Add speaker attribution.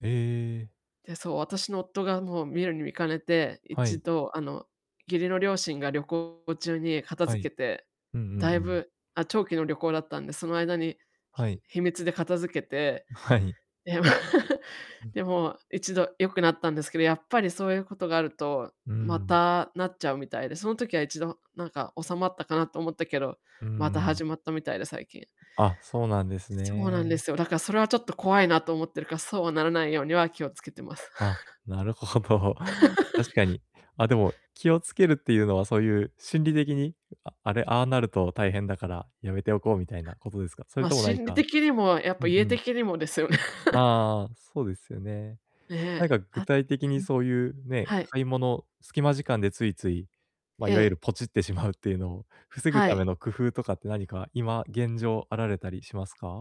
Speaker 1: ええ。
Speaker 2: で、そう、私の夫が、もう、見るに見かねて、
Speaker 1: は
Speaker 2: 一
Speaker 1: い。
Speaker 2: 度、あの、義理の両親が旅行中に片
Speaker 1: はい。
Speaker 2: 付けて、
Speaker 1: うんう
Speaker 2: だ
Speaker 1: んう
Speaker 2: い
Speaker 1: ん。
Speaker 2: ぶあ、長期の旅行だったんで、その間に、ひ
Speaker 1: はい。
Speaker 2: 秘密で片付けて、
Speaker 1: うはい。
Speaker 2: で、
Speaker 1: うん。
Speaker 2: で、もう、一度良くなったんですけど、やっぱりそういうことがあると、
Speaker 1: うー
Speaker 2: ま
Speaker 1: ん。
Speaker 2: たなっちゃうみたいで、その時は、一度なんか、収まったかなと思ったけど、
Speaker 1: う
Speaker 2: ま
Speaker 1: ん
Speaker 2: た
Speaker 1: う
Speaker 2: 始
Speaker 1: ん。
Speaker 2: まったみたいで、最近。
Speaker 1: あ、そうなんです
Speaker 2: そうなんで
Speaker 1: ね。
Speaker 2: すよ。だから、それはちょっと怖いなと思ってるから、そうはならないようには気を付けてます。
Speaker 1: あ、なるほど。確 かに。あ、でも気をつけるっていうのは、そういう、心理的に、ああれ、ああなると大変だからやめておこうみたいなことですか？それ
Speaker 2: ま、
Speaker 1: とも何
Speaker 2: 心理
Speaker 1: か
Speaker 2: 的にも、やっ
Speaker 1: う
Speaker 2: ぱ
Speaker 1: ん
Speaker 2: 家
Speaker 1: うん。
Speaker 2: 的にもですよね。
Speaker 1: あ あああ、そうですよね。な
Speaker 2: ね。
Speaker 1: んか具
Speaker 2: は
Speaker 1: 体的
Speaker 2: う
Speaker 1: に
Speaker 2: ん。
Speaker 1: そういう、ね、
Speaker 2: はい。
Speaker 1: 買い物、隙間時間でついつい、ま、
Speaker 2: え
Speaker 1: いわゆる、
Speaker 2: え。
Speaker 1: ポチってしまうっていうのを防ぐ
Speaker 2: は
Speaker 1: ため
Speaker 2: い。
Speaker 1: の工夫とかって、何か、今、現状、あられたりしますか？